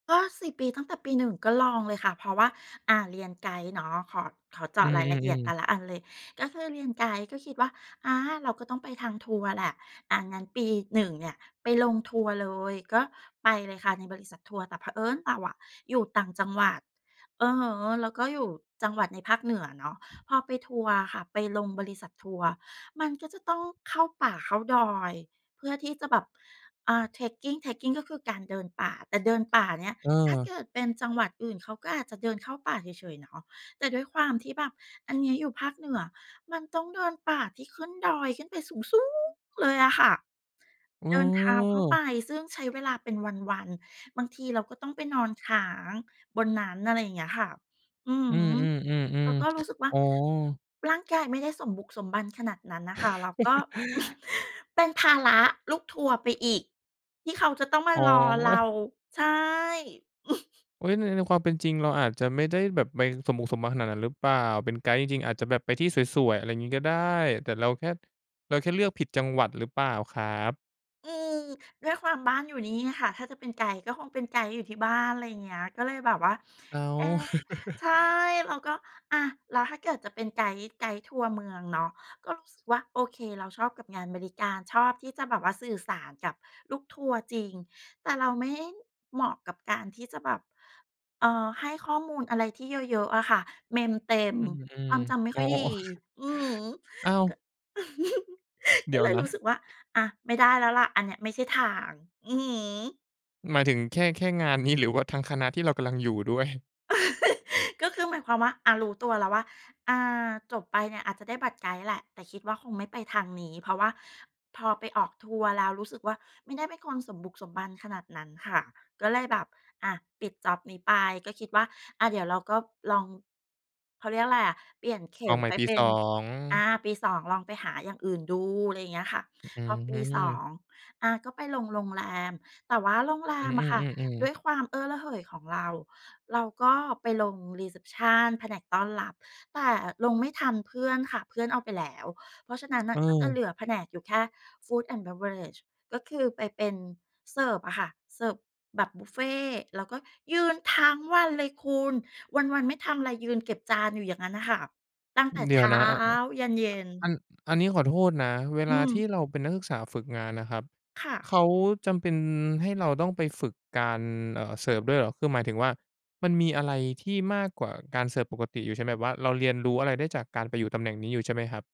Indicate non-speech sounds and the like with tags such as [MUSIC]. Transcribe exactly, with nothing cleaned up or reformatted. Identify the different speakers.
Speaker 1: ก็ สี่ ปี ตั้งแต่ปี หนึ่ง ก็ลองเลยค่ะ เพราะว่า อ่า เรียนไกด์เนาะ ขอ ขอเจ
Speaker 2: อื
Speaker 1: าะรายละเอียด
Speaker 2: อ
Speaker 1: แต
Speaker 2: ๆ ๆ
Speaker 1: ่ละอันเลย ก็คือเรียนไกด์ ก็คิดว่า อา เราก็ต้องไปทางทัวร์แหละ อา งั้นปี หนึ่ง เนี่ยไปลงทัวร์เลย ก็ไปเลยค่ะในบริษัททัวร์ แต่เผอิญเราอะอยู่ต่างจังหวัด อือฮึ แล้วก็อยู่จังหวัดในภาคเหนือเนาะ พอไปทัวร์อะค่ะ ไปลงบริษัททัวร์ มันก็จะต้องเข้าป่าเข้าดอย เพื่อที่จะแบบ อ่า Trekking Trekking ก็คือการเดินป่า แต่เดินป่าเนี่ย ถ้าเ
Speaker 2: เออ
Speaker 1: กิดเป็นจังหวัดอื่นเขาก็อาจจะเดินเข้าป่าเฉย ๆ เนาะ แต่ด้วยความที่แบบอันนี้อยู่ภาคเหนือ มันต้องเดินป่าที่ขึ้นดอยขึ้นไปสูง ๆ เลยอะค่ะ เดินเท้าเข้าไป
Speaker 2: เออ
Speaker 1: ซึ่งใช้เวลาเป็นวัน ๆ บางทีเราก็ต้องไปนอนค้างบนนั้น อะไรอย่างเงี้ยค่ะ อือ
Speaker 2: อืม
Speaker 1: ฮึ เราก็ร
Speaker 2: ๆ
Speaker 1: ู้
Speaker 2: ๆ
Speaker 1: สึกว่
Speaker 2: ๆ
Speaker 1: า
Speaker 2: อ๋อ
Speaker 1: ร่างกายไม่ได้สมบุกสมบันขนาดนั้นน่ะค่ะ เราก็
Speaker 2: [CHUCKLES]
Speaker 1: [CHUCKLES] เป็นภาระลูกทัวร์ไปอีกที่เขาจะต้องม
Speaker 2: อ
Speaker 1: า
Speaker 2: ๋อ
Speaker 1: รอเรา ใช่ [CHUCKLES]
Speaker 2: โอ๊ย ใน ในความเป็นจริงเราอาจจะไม่ได้แบบไปสมบุกสมบันขนาดนั้นหรือเปล่า เป็นไกด์จริง ๆ อาจจะแบบไปที่สวย ๆ อะไรงี้ก็ได้ แต่ ราแค่ เราแค่เลือกผิดจังหวัดหรือเปล่าครับ?
Speaker 1: อืม ด้วยความบ้านอยู่นี่ค่ะ ถ้าจะเป็นไกด์ ก็คงเป็นไกด์อยู่ที่บ้าน อะไรอย่างเงี้ย ก็เลยแบบว่า
Speaker 2: อ้า
Speaker 1: เอ
Speaker 2: ว
Speaker 1: ๊ะ ใช่
Speaker 2: [CHUCKLES]
Speaker 1: เราก็ อา แล้วถ้าเกิดจะเป็นไกด์ ไกด์ทัวร์เมืองเนาะ ก็รู้สึกว่าโอเค เราชอบกับงานบริการ ชอบที่จะแบบว่าสื่อสารกับลูกทัวร์จริง แต่เราไม่เหมาะกับการที่จะแบบ เอ่อ ให้ข้อมูลอะไรที่เยอะ ๆ อะค่ะ เมมเต็ม
Speaker 2: อื
Speaker 1: ค
Speaker 2: ม
Speaker 1: วามจำไม่
Speaker 2: ๆ อ๋
Speaker 1: ค
Speaker 2: อ
Speaker 1: ่อยดี อือฮึ
Speaker 2: [CHUCKLES] อ้าว
Speaker 1: ก็ [CHUCKLES]
Speaker 2: เด
Speaker 1: ก
Speaker 2: ี
Speaker 1: ็
Speaker 2: ๋ย
Speaker 1: เ
Speaker 2: ว
Speaker 1: ลย
Speaker 2: น
Speaker 1: รู้
Speaker 2: ะ
Speaker 1: สึกว่า อา ไม่ได้แล้วแหละ อันเนี้ยไม่ใช่ทาง อือฮึ
Speaker 2: หมายถึงแค่ แค่งานนี้ หรือว่าทั้งคณะที่เรากำลังอยู่ด้วย?
Speaker 1: [CHUCKLES] ก็คือหมายความว่า อา รู้ตัวแล้วว่า อา จบไปเนี่ยอาจจะได้บัตรไกด์แหละ แต่คิดว่าคงไม่ไปทางนี้ เพราะว่าพอไปออกทัวร์แล้วรู้สึกว่าไม่ได้เป็นคนสมบุกสมบันขนาดนั้นค่ะ ก็เลยแบบ อา ปิดจ็อบนี้ไป ก็คิดว่า อา เดี๋ยวเราก็ลอง เขาเรียกอะไรอะ เปลี่ยนเข
Speaker 2: ล
Speaker 1: ็
Speaker 2: อง
Speaker 1: ม
Speaker 2: ใหม
Speaker 1: ไ
Speaker 2: ่
Speaker 1: ป
Speaker 2: ปี
Speaker 1: เป็
Speaker 2: ส
Speaker 1: น
Speaker 2: อง
Speaker 1: อา ปี สอง ลองไปหาอย่างอื่นดู อะไรอย่างเงี้ยค่ะ
Speaker 2: อื
Speaker 1: พอปี สอ
Speaker 2: อ
Speaker 1: ง อา ก็ไปลงโรงแรม แต่ว่าโรงแร
Speaker 2: อื
Speaker 1: มอะค่ะ
Speaker 2: อ
Speaker 1: ด
Speaker 2: ๆ
Speaker 1: ้ว
Speaker 2: ๆ ๆ
Speaker 1: ยความเอ้อระเหยของเรา เราก็ไปลง รีเซปชัน แผนกต้อนรับ แต่ลงไม่ทันเพื่อนค่ะ เพื่อนเอาไปแล้ว เพราะฉะนั้นน่
Speaker 2: เ
Speaker 1: ะก็จะเหล
Speaker 2: ออ
Speaker 1: ือแผนกอยู่แค่ Food and Beverage ก็คือไปเป็นเสิร์ฟอะค่ะ เสิร์ฟแบบบุฟเฟต์ แล้วก็ยืนทั้งวันเลยคุณ วัน ๆ ไม่ทำอะไร ยืนเก็บจานอยู่อย่างงั้นอะค่ะ ตั้งแต่
Speaker 2: เด
Speaker 1: เช
Speaker 2: ี๋ยว
Speaker 1: ้า
Speaker 2: นะ อ อา อ
Speaker 1: ยันเย็
Speaker 2: อั
Speaker 1: น
Speaker 2: น อันนี้ขอโทษนะ เว
Speaker 1: อื
Speaker 2: ลาที
Speaker 1: ม
Speaker 2: ่เราเป็นนักศึกษาฝึกงานนะครับ
Speaker 1: ค่
Speaker 2: เ
Speaker 1: ะ
Speaker 2: ขาจำเป็นให้เราต้องไปฝึกการ เอ่อ เสิร์ฟด้วยเหรอ คือหมายถึงว่ามันมีอะไรที่มากกว่าการเสิร์ฟปกติอยู่ใช่ไหม แบบว่าเราเรียนรู้อะไรได้จากการไปอยู่ตำแหน่งนี้อยู่ใช่ไหมครับ?